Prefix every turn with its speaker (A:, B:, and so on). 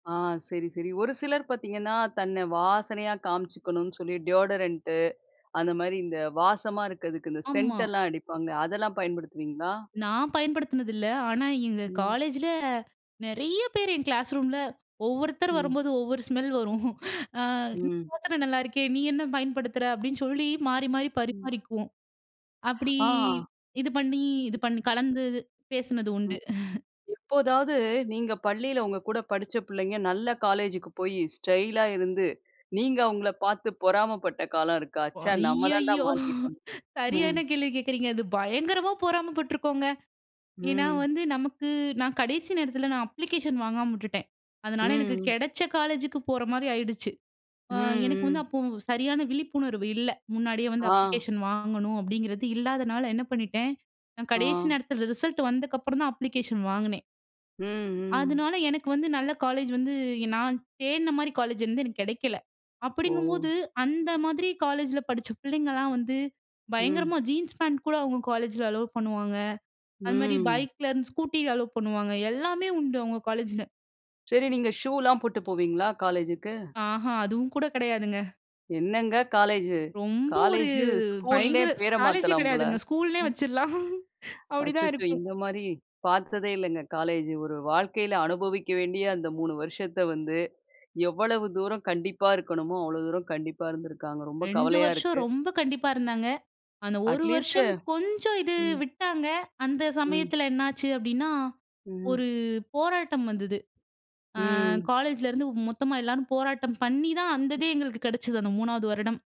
A: ஆ. சரி, சரி. ஒரு சிலர் பாத்தீங்கன்னா, தன்னை வாசனையா காமிச்சிக்கணும்னு சொல்லி டியோடரண்ட்டு அந்த மாரி இந்த வாசமா இருக்கதுக்கு, இந்த
B: ஆமா.
A: சென்ட்டெல்லாம் அடிப்பாங்க. அதெல்லாம் பயன்படுத்துவீங்களா?
B: நான் பயன்படுத்தினது இல்ல. ஆனா, எங்க
A: ம்.
B: காலேஜில நெறைய பேர் என் கிளாஸ் ரூம்ல ஒவ்வொருத்தர்
A: ம்.
B: வரும்போது, ஒவ்வொரு ஸ்மெல் வரும். "அ
A: ம்.
B: [unintelligible] நல்லாயிருக்கே நீ என்ன பயன்படுத்துற?" அப்படின்னு சொல்லி மாறி, மாறி
A: ம்.
B: பரிமாறிக்குவோம். அப்டி
A: ஆ.
B: இது பண்ணி, இது பண்ணி கலந்து பேசினது உண்டு.
A: எப்போதாவது, நீங்க பள்ளியில உங்க கூட படிச்ச பிள்ளைங்க, நல்ல காலேஜ்க்கு போயி ஸ்டைலா இருந்து, நீங்க அவுங்கள பாத்து பொறாமை பட்ட காலம் இருக்கா?
B: ஓ!
A: ச்ச நம்ம தாண்ட
B: ஐயயோ!
A: மாட்டிக்கிட்டோன்னு. ம்.
B: சரியான கேள்வி கேக்குறீங்க அது பயங்கரமா பொறாம பட்ருக்கோங்க. ஏன்னா
A: ம்.
B: வந்து நமக்கு நான் கடைசி நேரத்தில நான் அப்ளிகேஷன் வாங்காம உட்டுட்டேன். அதனால எனக்கு
A: ம்.
B: கெடச்ச காலேஜுக்கு போற மாரி ஆயிடுச்சு. அ
A: ம்,
B: எனக்கு வந்து,
A: ம்.
B: அப்போ சரியான விழிப்புணர்வு இல்ல. முன்னாடியே வந்து
A: ஆ.
B: அப்ளிகேஷன் வாங்கணும், அப்படிங்கிறது இல்லாதனால என்ன பண்ணிட்டேன், நான் கடைசி
A: ஆ.
B: நேரத்தில ரிசல்ட் வந்ததுக்கப்புறம் தான் அப்ளிகேஷன் வாங்குனேன்.
A: ம், ம்.
B: அதனால எனக்கு வந்து நல்ல காலேஜ் வந்து நான் தேடின மாரி காலேஜ் வந்து எனக்கு கிடைக்கல. அப்படிங்கும்போது,
A: ஓ!
B: அந்த மாதிரி காலேஜில படிச்ச பிள்ளைங்கலாம் வந்து
A: ம்.
B: பயங்கரமா ஜீன்ஸ் பேண்ட் கூட அவுங்க காலேஜில அலோவ் பண்ணுவாங்க. அதுமாதிரி
A: ம்.
B: பைக்கிலருந்து, ஸ்கூட்டி அலோவ் பண்ணுவாங்க. எல்லாமே உண்டு. அவுங்க காலேஜில.
A: சரி நீங்க ஷூலாம் போட்டு போவீங்களா காலேஜுக்கு?
B: ஆஹா அதுவும் கூட கெடையாதுங்க.
A: என்னங்க காலேஜு?
B: ரொம்ப ஒரு
A: காலேஜு ஸ்கூல்லயே
B: பயங்கர ஸ்
A: பேர
B: காலேஜே
A: மாத்தலாம் போல!
B: கிடையாதுங்க. ஸ்கூல்னே வச்சுரலாம். அப்படித்தான்
A: அச்சச்சோ,
B: இருக்கும்.
A: இந்த மாரி பாத்ததே இல்லங்க. காலேஜு ஒரு வாழ்க்கையில அனுபவிக்க வேண்டிய அந்த 3 வருஷத்த வந்து, எவ்வளவு தூரம் கண்டிப்பா இருக்கணுமோ, அவ்வளவு தூரம் கண்டிப்பா இருந்துருக்காங்க. ரொம்ப
B: 2
A: கவலையா
B: வருஷம்
A: இருக்கு.
B: ரொம்ப கண்டிப்பா இருந்தாங்க. அந்த 1
A: அட்லீஸ்ட்டு
B: வருஷம், கொஞ்சம் இது
A: ம்.
B: விட்டாங்க, அந்த
A: ம்.
B: சமயத்தில என்ன ஆச்சு அப்டின்னா,
A: ம். ம்.
B: ஒரு போராட்டம் வந்தது. அ
A: ம்.
B: காலேஜில இருந்து மொத்தமா எல்லோரும் போராட்டம் பண்ணிதான், அந்ததே எங்களுக்கு கிடைச்சது அந்த 3ஆவது வருடம்.